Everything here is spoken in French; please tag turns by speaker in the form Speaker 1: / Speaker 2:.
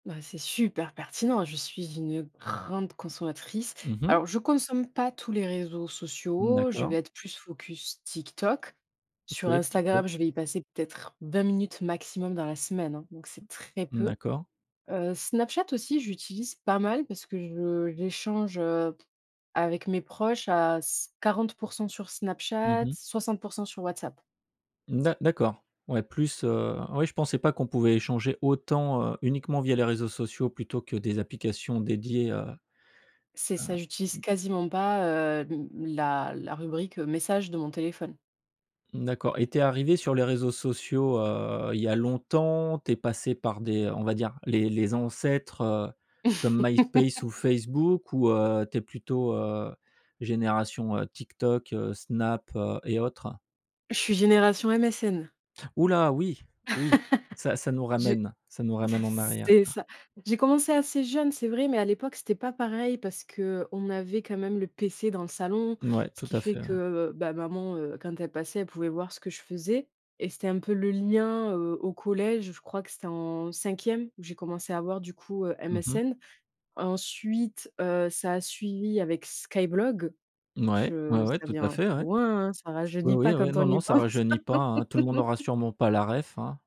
Speaker 1: Bah, c'est super pertinent. Je suis une grande consommatrice.
Speaker 2: Mmh mh.
Speaker 1: Alors, je consomme pas tous les réseaux
Speaker 2: Mmh
Speaker 1: sociaux. Je
Speaker 2: d'accord.
Speaker 1: vais être plus focus TikTok. Sur
Speaker 2: OK, Tiktok.
Speaker 1: Instagram, je vais y passer peut-être 20 minutes maximum dans la semaine, hein. Donc, c'est très
Speaker 2: Mmh,
Speaker 1: peu.
Speaker 2: d'accord.
Speaker 1: Heu, Snapchat aussi, je l'utilise pas mal parce que je j'échange, heu, avec mes proches à c 40 % sur
Speaker 2: Mmh
Speaker 1: Snapchat,
Speaker 2: mh.
Speaker 1: 60 % sur WhatsApp.
Speaker 2: D'a d'accord. Ouais, plus, heu, oui je pensais pas qu'on pouvait échanger autant, heu, uniquement via les réseaux sociaux plutôt que des applications dédiées, heu,
Speaker 1: C'est
Speaker 2: heu,
Speaker 1: ça, j'utilise
Speaker 2: mmh.
Speaker 1: quasiment pas, heu, mmh, la la rubrique, heu, message de mon téléphone.
Speaker 2: Mmh d'accord et tu es arrivée sur les réseaux sociaux, heu, il y a longtemps? Tu es passée par des on va dire, les les ancêtres, heu, comme MySpace ou Facebook ou, heu, tu es plutôt, heu, génération, heu, TikTok, heu, Snap, heu et autres?
Speaker 1: Je suis génération MSN.
Speaker 2: Ouh là, oui, oui. Ça ça nous
Speaker 1: Je
Speaker 2: ramène ça nous ramène en arrière
Speaker 1: c'est
Speaker 2: ça.
Speaker 1: ça. J'ai commencé assez jeune, c'est vrai, mais à l'époque, c'était pas pareil parce qu'on avait quand même le PC dans le salon,
Speaker 2: Mouais,
Speaker 1: ce
Speaker 2: tout
Speaker 1: qui
Speaker 2: à
Speaker 1: fait
Speaker 2: fait, ouais.
Speaker 1: que, bah, maman, heu, quand elle passait, elle pouvait voir ce que je faisais et c'était un peu le lien, heu, au collège. Je crois que c'était en cinquième où j'ai commencé à avoir, du coup, heu,
Speaker 2: Mmh mh.
Speaker 1: MSN. Ensuite, heu, ça a suivi avec Skyblog.
Speaker 2: Mouais, ouais,
Speaker 1: Je
Speaker 2: ouais,
Speaker 1: ça
Speaker 2: tout à
Speaker 1: vient
Speaker 2: fait,
Speaker 1: c'est
Speaker 2: ouais.
Speaker 1: loin, hein, ça
Speaker 2: Oui,
Speaker 1: rajeunit
Speaker 2: oui,
Speaker 1: pas
Speaker 2: oui,
Speaker 1: quand
Speaker 2: non,
Speaker 1: on
Speaker 2: non,
Speaker 1: y
Speaker 2: ça
Speaker 1: pense.
Speaker 2: rajeunit pas, hein, tout le monde n'aura sûrement pas la référence, hein.